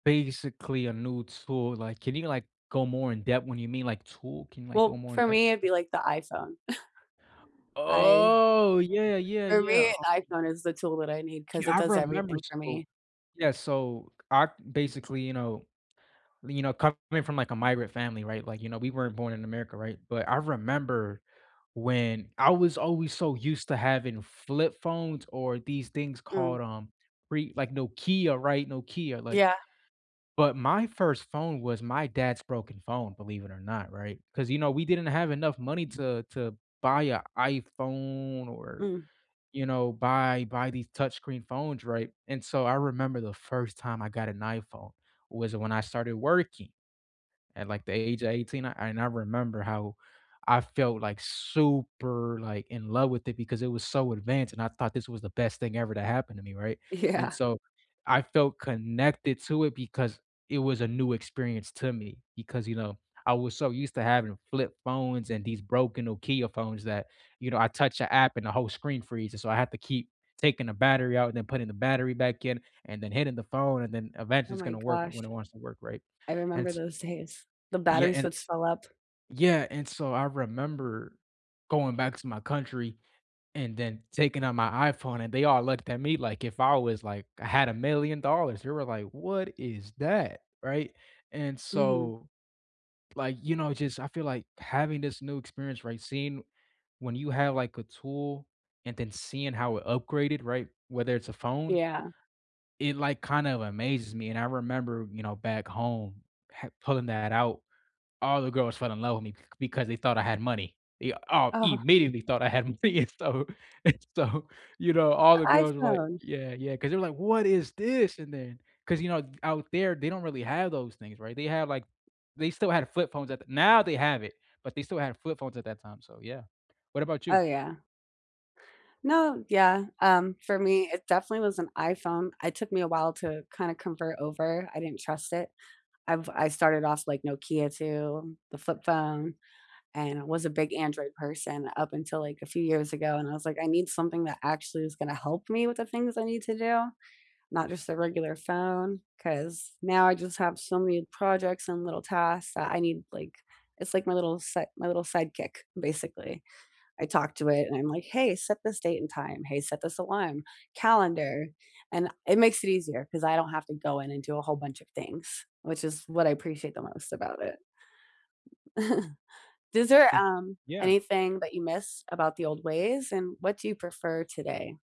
Basically a new tool, like, can you, like, go more in-depth when you mean, like, tool? Can you, like, go Well, more for in-depth? me, it'd be, like, the iPhone. I Oh! Yeah, yeah, For yeah, me, uh an iPhone is the tool that I need 'cause Yeah, it I does remember everything for so me. Yeah, so I basically, you know you know, coming from, like, a migrant family, right, like, you know, we weren't born in America, right? But I remember when I was always so used to having flip phones or these things called, Mm. um, pre like, Nokia, right? Nokia, like Yeah. but my first phone was my dad's broken phone, believe it or not, right? 'Cause, you know, we didn't have enough money to to buy a iPhone or, Mm. you know, buy buy these touchscreen phones, right, and so, I remember the first time I got an iPhone was when I started working at, like, the age of 18 and I remember how I felt, like, super, like, in love with it because it was so advanced and I thought this was the best thing ever to happen to me, right, and Yeah. so, I felt connected to it because it was a new experience to me because, you know, I was so used to having flip phones and these broken Nokia phones that, you know, I touch a app and the whole screen freezes, so I had to keep taking a battery out, and then putting the battery back in, and then hitting the phone. and then eventually Oh it's my gonna work gosh. when it wants to work, right, I and remember t those days. The Yeah batteries and would t swell up. yeah, and so, I remember going back to my country and then taking out my iPhone and they all looked at me, like, if I was like I had a million dollars. They were like, "What is that?" Right, and Mhm. so like, you know, just I feel like having this new experience, right? Seeing when you have, like, a tool, and then seeing how it upgraded, right? Whether it's a phone Yeah. it, like, kind of amazes me, and I remember, you know, back home ha pulling that out, all the girls fell in love with me c because they thought I had money. Yeah all Oh. immediately thought I had money and stuff, and so you know, all A the girls were like, iPhone! "Yeah, yeah," 'cause they were like, "What is this?" and then 'cause you know, out there, they don't really have those things, right, they have, like they still had flip phones at the now, they have it, but they still had flip phones at that time, so yeah. What about Oh, you? yeah. No, yeah, um, for me, it definitely was an iPhone. It took me a while to kinda convert over, I didn't trust it. I've I started off, like, Nokia too, the flip phone, and I was a big Android person up until, like, a few years ago, and I was like, "I need something that actually is gonna help me with the things I need to do, not just a regular phone, 'cause now I just have so many projects and little tasks that I need like" It's like my little set my little sidekick basically. I talked to it, and I'm like, "Hey, set this date and time. Hey, set this alarm. Calendar," and it makes it easier 'cause I don't have to go in and do a whole bunch of things, which is what I appreciate the most about it. Is there, 'Kay, um, yeah. anything that you miss about the old ways, and what do you prefer today?